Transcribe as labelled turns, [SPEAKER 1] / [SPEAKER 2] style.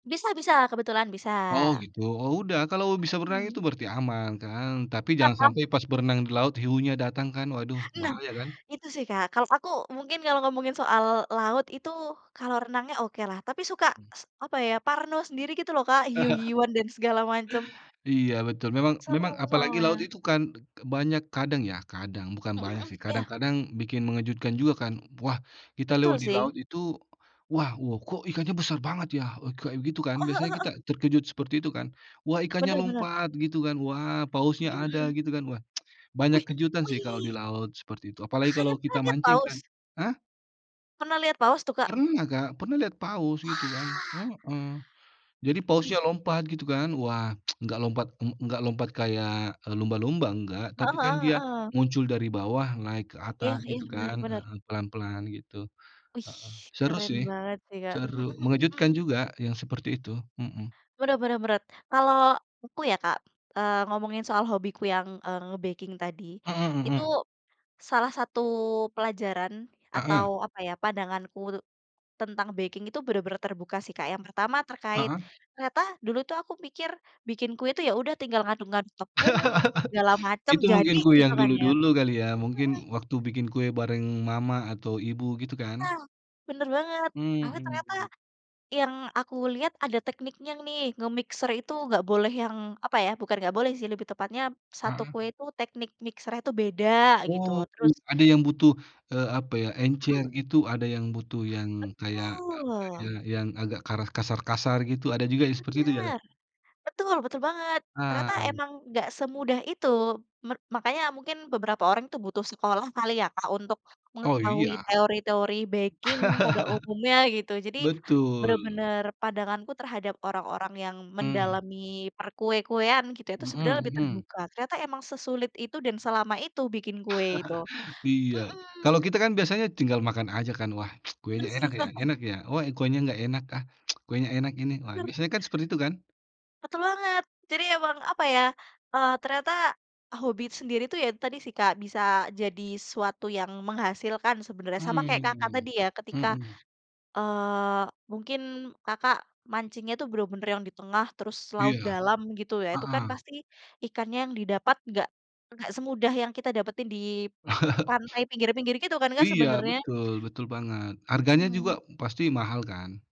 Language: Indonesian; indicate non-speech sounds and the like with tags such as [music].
[SPEAKER 1] Bisa bisa, kebetulan bisa.
[SPEAKER 2] Oh, gitu. Oh, udah kalau bisa berenang itu
[SPEAKER 1] Mhm.
[SPEAKER 2] berarti aman kan tapi jangan sampai pas berenang di laut
[SPEAKER 1] [laughs]
[SPEAKER 2] hiunya datang kan? Waduh
[SPEAKER 1] Nah,
[SPEAKER 2] bahaya kan.
[SPEAKER 1] itu sih, Kak. Kalau aku mungkin kalau ngomongin soal laut itu kalau renangnya okelah tapi suka,
[SPEAKER 2] Mhm.
[SPEAKER 1] s apa ya, parno sendiri gitu loh, Kak,
[SPEAKER 2] [chuckles]
[SPEAKER 1] hiu-hiuan dan segala macem.
[SPEAKER 2] Iya betul, memang memang
[SPEAKER 1] Serem
[SPEAKER 2] apalagi laut
[SPEAKER 1] soalnya.
[SPEAKER 2] itu kan de banyak kadang ya, kadang, bukan
[SPEAKER 1] Mhm
[SPEAKER 2] banyak
[SPEAKER 1] mhm,
[SPEAKER 2] sih,
[SPEAKER 1] ya.
[SPEAKER 2] kadang-kadang bikin mengejutkan juga kan. Wah kita lewat
[SPEAKER 1] Betul
[SPEAKER 2] di
[SPEAKER 1] sih.
[SPEAKER 2] laut itu, "Wah! Wow, kok ikannya besar banget ya?" Eee, kayak gitu kan
[SPEAKER 1] Oh
[SPEAKER 2] biasanya
[SPEAKER 1] heeh
[SPEAKER 2] kita
[SPEAKER 1] heeh.
[SPEAKER 2] terkejut seperti itu kan? "Wah ikannya
[SPEAKER 1] Bener bener.
[SPEAKER 2] lompat," gitu kan, "wah, pausnya
[SPEAKER 1] Mhm
[SPEAKER 2] ada,"
[SPEAKER 1] mhm.
[SPEAKER 2] gitu kan. Wah [tsk] banyak
[SPEAKER 1] Wih
[SPEAKER 2] kejutan sih kalau
[SPEAKER 1] wih!
[SPEAKER 2] di laut seperti itu, apalagi
[SPEAKER 1] Kakaknya
[SPEAKER 2] kalau
[SPEAKER 1] pernah
[SPEAKER 2] kita
[SPEAKER 1] lihat
[SPEAKER 2] mancing
[SPEAKER 1] paus?
[SPEAKER 2] kan hah?
[SPEAKER 1] Pernah lihat paus tuh, Kak?
[SPEAKER 2] Pernah, Kak. Pernah lihat paus gitu kan,
[SPEAKER 1] Wah!
[SPEAKER 2] heeh. Jadi
[SPEAKER 1] Wih.
[SPEAKER 2] pausnya lompat, gitu kan. Wah, [tsk] nggak lompat ng nggak lompat kayak, eee, lumba-lumba nggak, tapi
[SPEAKER 1] Heeh
[SPEAKER 2] kan
[SPEAKER 1] heeh
[SPEAKER 2] dia
[SPEAKER 1] heeh.
[SPEAKER 2] muncul dari bawah naik ke
[SPEAKER 1] Iya
[SPEAKER 2] atas
[SPEAKER 1] iya,
[SPEAKER 2] gitu
[SPEAKER 1] bener
[SPEAKER 2] kan,
[SPEAKER 1] bener.
[SPEAKER 2] heeh, pelan-pelan gitu,
[SPEAKER 1] Wih!
[SPEAKER 2] heeh. Seru
[SPEAKER 1] keren
[SPEAKER 2] sih,
[SPEAKER 1] banget sih, Kak. Mhm
[SPEAKER 2] seru,
[SPEAKER 1] mhm
[SPEAKER 2] mengejutkan
[SPEAKER 1] mhm.
[SPEAKER 2] juga yang seperti itu. Mhm.
[SPEAKER 1] Bener bener beret. Kalau aku ya, Kak, eee, ngomongin soal hobiku yang, eee, nge-baking tadi.
[SPEAKER 2] Mhm
[SPEAKER 1] Itu
[SPEAKER 2] mhm.
[SPEAKER 1] salah satu pelajaran atau
[SPEAKER 2] Heeh.
[SPEAKER 1] apa ya, pandanganku tuh tentang baking itu bener-bener terbuka sih, Kak. Yang pertama terkait
[SPEAKER 2] Heeh.
[SPEAKER 1] ternyata dulu tuh aku mikir bikin kue itu ya udah tinggal ngaduk-ngaduk tepung segala
[SPEAKER 2] [laughs]
[SPEAKER 1] macem
[SPEAKER 2] Itu
[SPEAKER 1] jadi,
[SPEAKER 2] mungkin ku
[SPEAKER 1] gitu
[SPEAKER 2] yang
[SPEAKER 1] kan ya?
[SPEAKER 2] dulu-dulu kali ya,
[SPEAKER 1] Mhm.
[SPEAKER 2] mungkin waktu bikin kue bareng mama atau ibu gitu kan.
[SPEAKER 1] Nah, bener banget. Tapi ternyata
[SPEAKER 2] Mmm.
[SPEAKER 1] yang aku lihat ada tekniknya nih nge-mixer itu nggak boleh yang apa ya, bukan nggak boleh sih lebih tepatnya satu
[SPEAKER 2] Heeh.
[SPEAKER 1] kue itu teknik mixer-nya itu beda gitu,
[SPEAKER 2] Oh, uh
[SPEAKER 1] terus
[SPEAKER 2] ada yang butuh, eee, apa ya, encer
[SPEAKER 1] Mhm.
[SPEAKER 2] gitu, ada yang butuh yang kayak, apa ya,
[SPEAKER 1] Betul.
[SPEAKER 2] yang agak karas kasar-kasar gitu. Ada juga yang seperti itu ya?
[SPEAKER 1] Bener! Betul, betul banget.
[SPEAKER 2] Ah.
[SPEAKER 1] Ternyata emang nggak semudah itu, mer makanya mungkin beberapa orang tuh butuh sekolah kali ya, Kak, untuk
[SPEAKER 2] Oh
[SPEAKER 1] mengetahui
[SPEAKER 2] iya.
[SPEAKER 1] teori-teori baking pada umumnya gitu.
[SPEAKER 2] [chuckles]
[SPEAKER 1] Jadi
[SPEAKER 2] Betul.
[SPEAKER 1] bener-bener pandanganku terhadap orang-orang yang
[SPEAKER 2] Mmm.
[SPEAKER 1] mendalami perkue-kuean gitu, itu sebenarnya
[SPEAKER 2] Mhm
[SPEAKER 1] lebih
[SPEAKER 2] mhm.
[SPEAKER 1] terbuka. Ternyata emang sesulit itu dan selama itu bikin kue itu,
[SPEAKER 2] [chuckles] Iya, kalau
[SPEAKER 1] mhm.
[SPEAKER 2] kita kan biasanya tinggal makan aja kan, "Wah [tsk] kuenya
[SPEAKER 1] Bers
[SPEAKER 2] enak ya
[SPEAKER 1] [laughs]
[SPEAKER 2] enak ya? Wah, e kuenya nggak enak ah, [tsk] kuenya enak ini, wah,"
[SPEAKER 1] Bener.
[SPEAKER 2] misalnya kan seperti itu kan?
[SPEAKER 1] Betul banget. Jadi emang, apa ya, eee, ternyata hobi itu sendiri itu ya tadi sih, Kak, bisa jadi suatu yang menghasilkan sebenarnya. Sama kayak Kakak
[SPEAKER 2] Mmm,
[SPEAKER 1] tadi ya, ketika,
[SPEAKER 2] mhm.
[SPEAKER 1] eee, mungkin Kakak mancingnya itu bener-bener yang di tengah terus laut
[SPEAKER 2] Iya,
[SPEAKER 1] dalam gitu ya, itu kan
[SPEAKER 2] heeh.
[SPEAKER 1] pasti ikannya yang didapat nggak nggak semudah yang kita dapetin di
[SPEAKER 2] [chuckles]
[SPEAKER 1] pantai pinggir-pinggir gitu kan Kak,
[SPEAKER 2] Iya,
[SPEAKER 1] sebenarnya?
[SPEAKER 2] betul, betul banget. Harganya juga
[SPEAKER 1] Mhm.
[SPEAKER 2] pasti mahal kan?